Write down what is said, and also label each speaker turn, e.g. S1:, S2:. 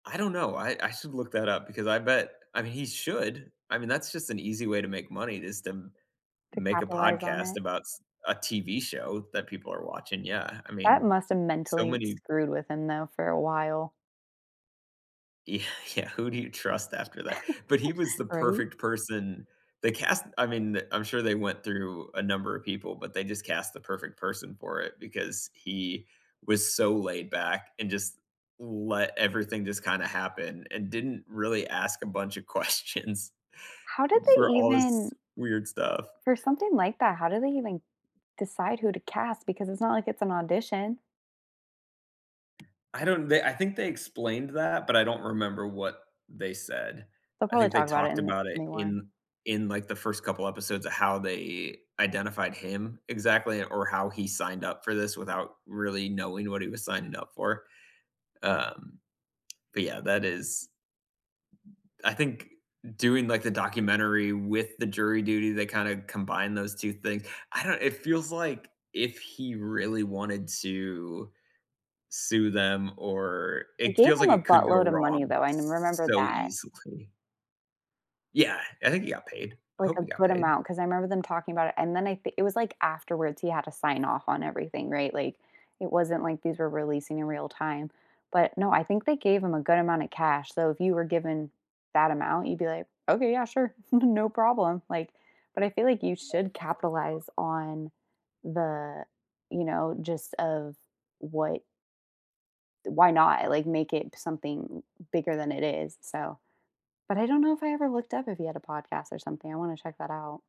S1: I don't know, I I should look that up because I bet I mean, he should. I mean, that's just an easy way to make money is to m to
S2: To
S1: make a
S2: capitalize on
S1: podcast
S2: it?
S1: about s a TV show that people are watching, yeah. I
S2: That
S1: mean,
S2: must have
S1: so
S2: mentally
S1: many
S2: screwed with him, though, for a while.
S1: Y yeah, who do you trust after that? But he was the
S2: Right?
S1: perfect person. They cast I mean, I'm sure they went through a number of people, but they just cast the perfect person for it because he was so laid back and just let everything just kinda happen and didn't really ask a bunch of questions
S2: How did they
S1: for all
S2: even
S1: this weird stuff.
S2: for something like that, how do they even decide who to cast? Because it's not like it's an audition.
S1: I don't they I think they explained that, but I don't remember what they said.
S2: They'll
S1: I
S2: probably
S1: think they
S2: talk about it
S1: talked
S2: in this
S1: about it
S2: new one.
S1: in in, like, the first couple episodes of how they identified him exactly or how he signed up for this without really knowing what he was signing up for. Um, but, yeah, that is I think doing, like, the documentary with the Jury Duty, they kinda combine those 2 things, I don't it feels like if he really wanted to sue them, or
S2: They
S1: it
S2: gave
S1: feels
S2: him
S1: like
S2: a
S1: it could go
S2: buttload of money,
S1: wrong
S2: though. I n remember
S1: so
S2: that.
S1: easily. Yeah! I think he got paid. I
S2: Like,
S1: hope
S2: a
S1: he got
S2: good
S1: paid.
S2: amount 'cause I 'member them talking about it, and then I th it was, like, afterwards, he had to sign off on everything, right? Like, it wasn't like these were releasing in real time. But no, I think they gave him a good amount of cash. So, if you were given that amount, you'd be like, "Okay, yeah, sure, no problem," like but I feel like you should capitalize on the, you know, gist of what th why not? Like, make it something bigger than it is, so but I don't know if I ever looked up if he had a podcast or something. I wanna check that out.